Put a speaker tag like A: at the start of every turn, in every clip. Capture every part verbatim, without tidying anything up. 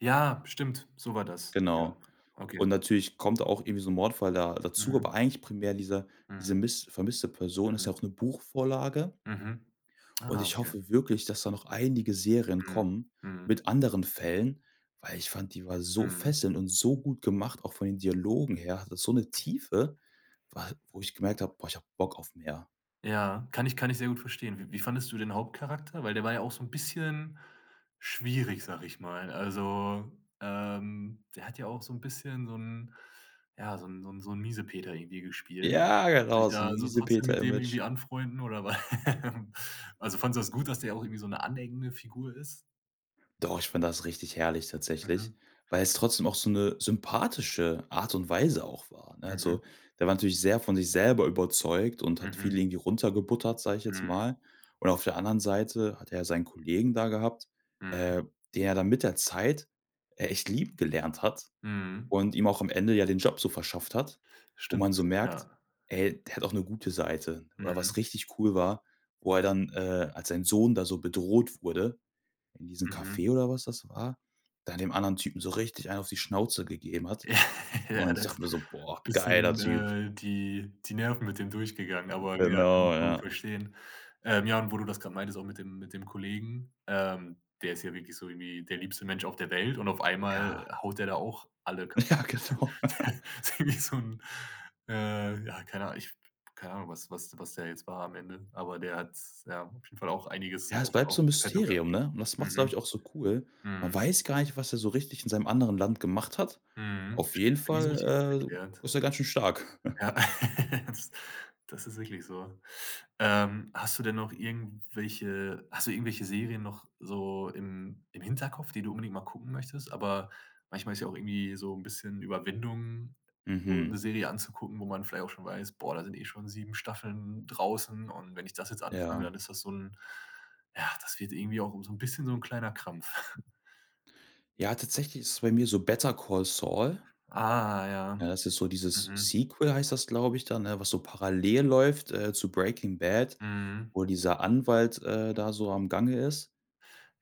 A: Ja, stimmt, so war das. Ja,
B: Genau.
A: okay.
B: Und natürlich kommt da auch irgendwie so 'n Mordfall da dazu,
A: Mhm.
B: aber eigentlich primär dieser
A: Mhm.
B: diese miss vermisste Person, ist ja
A: Mhm.
B: auch 'ne Buchvorlage.
A: Mhm.
B: Und
A: Ah,
B: ich
A: okay.
B: hoffe wirklich, dass da noch einige Serien
A: Mhm,
B: kommen
A: mhm.
B: mit anderen Fällen, weil ich fand, die war so
A: Mhm.
B: fesselnd und so gut gemacht, auch von den Dialogen her. Hatte so 'ne Tiefe, wa wo ich gemerkt hab: „Boah, ich hab Bock auf mehr.“
A: Ja, kann ich kann ich sehr gut verstehen. Wie wie fandest du den Hauptcharakter? Weil, der war ja auch so 'n bisschen schwierig, sag ich mal. Also, ähm, der hat ja auch so 'n bisschen so 'n ja, so 'n so 'n so 'n Miesepeter irgendwie gespielt.
B: Ja,
A: Kannst du dich
B: genau, so 'n
A: da so trotzdem mit dem irgendwie
B: Miesepeter-Image.
A: anfreunden oder war Also, fandest du das gut, dass der auch irgendwie so 'ne aneckende Figur ist?
B: Doch, ich find das richtig herrlich, tatsächlich,
A: Mhm.
B: weil es trotzdem auch so 'ne sympathische Art und Weise auch war, ne?
A: Mhm.
B: Also, der war natürlich sehr von sich selber überzeugt und hat
A: Mhm.
B: viele irgendwie runtergebuttert, sag ich jetzt
A: Mhm.
B: mal. Und auf der anderen Seite hat er ja seinen Kollegen da gehabt,
A: Mhm.
B: äh, der er dann mit der Zeit echt lieb gelernt hat
A: Mhm.
B: und ihm auch am Ende ja den Job so verschafft hat, wo
A: Stimmt,
B: man so merkt,
A: ja.
B: ey, der hat auch 'ne gute Seite. Oder
A: Mhm.
B: was richtig cool war, wo er dann, äh, als sein Sohn da so bedroht wurde, in diesem
A: Mhm.
B: Café oder was das war, da dem anderen Typen so richtig einen auf die Schnauze gegeben hat.
A: Ja,
B: Und ich
A: das
B: dachte mir so: „Boah, geiler
A: bisschen,
B: Typ!”
A: äh, die die Nerven mit dem durchgegangen, aber ja, kann man
B: Genau,
A: schon
B: ja.
A: verstehen. Ähm, ja, und wo du das grad meintest, auch mit dem mit dem Kollegen, ähm der ist ja wirklich so irgendwie der liebste Mensch auf der Welt, und auf einmal
B: Ja.
A: haut der da auch alle ka [unintelligible]
B: Ja, genau.
A: Der der irgendwie so 'n, äh, ja, keine Ahn ich keine Ahnung, was was was der jetzt war am Ende. Aber der hat, ja, auf jeden Fall auch einiges
B: Ja, es
A: auf
B: bleibt so
A: auf
B: 'n
A: in petto gehabt.
B: Mysterium, ne? Und das macht's, glaub
A: Mhm.
B: ich, auch so cool. Man
A: Mhm.
B: weiß gar nicht, was er so richtig in seinem anderen Land gemacht hat.
A: Mhm,
B: Auf jeden
A: st nie so richtig
B: Fall, äh,
A: aufgeklärt.
B: ist er ganz schön stark.
A: Ja, Das das ist wirklich so. Ähm, hast du denn noch irgendwelche hast du irgendwelche Serien noch so im im Hinterkopf, die du unbedingt mal gucken möchtest? Aber manchmal ist ja auch irgendwie so 'n bisschen Überwindung so ,'ne
B: Mhm.
A: Serie anzugucken, wo man vielleicht auch schon weiß: „Boah, da sind eh schon sieben Staffeln draußen, und wenn ich das jetzt anfange,
B: Ja.
A: dann ist das so 'n ja, das wird irgendwie auch um so 'n bisschen so 'n kleiner Krampf.“
B: Ja, tatsächlich ist es bei mir so „Better Call Saul”.
A: Ah, ja,
B: Ne, das ist so dieses
A: mhm.
B: Sequel, heißt das, glaube ich da, ne, was so parallel läuft, äh, zu „Breaking Bad”,
A: Mhm.
B: wo dieser Anwalt, äh, da so am Gange ist.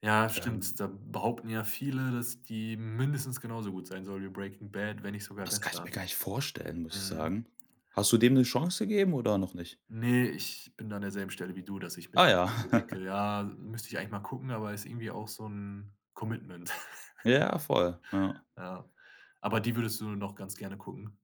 A: Ja,
B: Ähm
A: stimmt, da behaupten ja viele, dass die mindestens genauso gut sein soll wie „Breaking Bad”, wenn nicht sogar
B: Das kann ich mir
A: besser.
B: gar nicht vorstellen, muss ich
A: Mhm.
B: sagen. Hast du dem 'ne Chance gegeben oder noch nicht?
A: Ne, ich bin da an derselben Stelle wie du, dass ich mir
B: Ah ja.
A: so denke: „Ja, müsste ich eigentlich mal gucken”, aber ist irgendwie auch so 'n Commitment.
B: Ja, voll, ja.
A: Ja, aber die würdest du noch ganz gerne gucken?